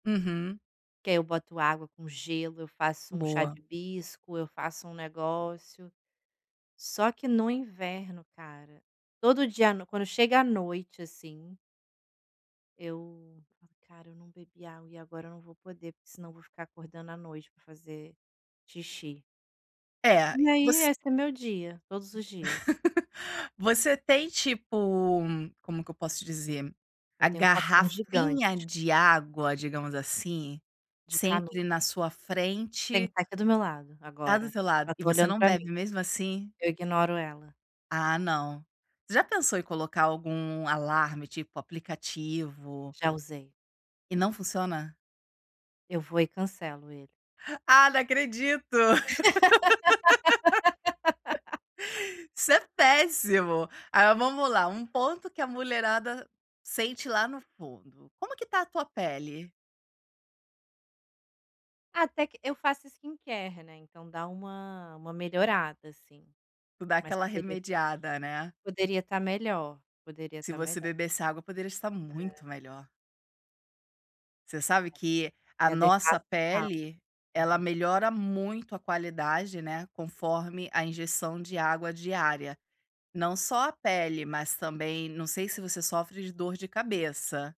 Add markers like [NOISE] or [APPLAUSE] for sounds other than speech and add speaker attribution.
Speaker 1: Uhum.
Speaker 2: Que aí eu boto água com gelo, eu faço um chá de
Speaker 1: Boa.
Speaker 2: hibisco, eu faço um negócio. Só que, no inverno, cara, todo dia, no quando chega à noite, assim eu: "Cara, eu não bebi água, e agora eu não vou poder, porque senão vou ficar acordando à noite para fazer xixi."
Speaker 1: É.
Speaker 2: E
Speaker 1: E
Speaker 2: aí
Speaker 1: você
Speaker 2: ,esse é meu dia, todos os dias.
Speaker 1: [LAUGHS] Você tem, tipo, como que eu posso dizer, a
Speaker 2: Eu tenho um copão
Speaker 1: garrafinha
Speaker 2: gigante.
Speaker 1: de água, digamos, assim,
Speaker 2: De
Speaker 1: sempre
Speaker 2: canudo.
Speaker 1: na sua
Speaker 2: Tem.
Speaker 1: frente?
Speaker 2: Tá aqui do meu lado,
Speaker 1: Tá do
Speaker 2: agora.
Speaker 1: seu lado?
Speaker 2: Ela
Speaker 1: E
Speaker 2: tá
Speaker 1: você
Speaker 2: olhando
Speaker 1: não
Speaker 2: para mim.
Speaker 1: bebe mesmo assim?
Speaker 2: Eu ignoro ela.
Speaker 1: Ah, não. Já pensou em colocar algum alarme, tipo, aplicativo?
Speaker 2: Já usei.
Speaker 1: E não funciona?
Speaker 2: Eu vou e cancelo ele.
Speaker 1: Ah, não acredito.
Speaker 2: [LAUGHS]
Speaker 1: [LAUGHS] Isso é péssimo. Aí, vamos lá, um ponto que a mulherada sente lá no fundo. Como que está a tua pele?
Speaker 2: Até que eu faço skincare, né, então, dá uma uma melhorada, assim.
Speaker 1: Tu dá
Speaker 2: Mas
Speaker 1: aquela
Speaker 2: poderia estar
Speaker 1: remediada, né.
Speaker 2: poderia estar melhor, poderia
Speaker 1: Se
Speaker 2: estar
Speaker 1: você
Speaker 2: melhor.
Speaker 1: bebesse água poderia estar
Speaker 2: É.
Speaker 1: muito melhor. Você sabe que
Speaker 2: É
Speaker 1: a
Speaker 2: minha
Speaker 1: nossa
Speaker 2: dermato fala.
Speaker 1: pele, ela
Speaker 2: Aham.
Speaker 1: melhora muito a qualidade, né, conforme a injeção de água diária. Não só a pele, mas também não sei se você sofre de dor de cabeça.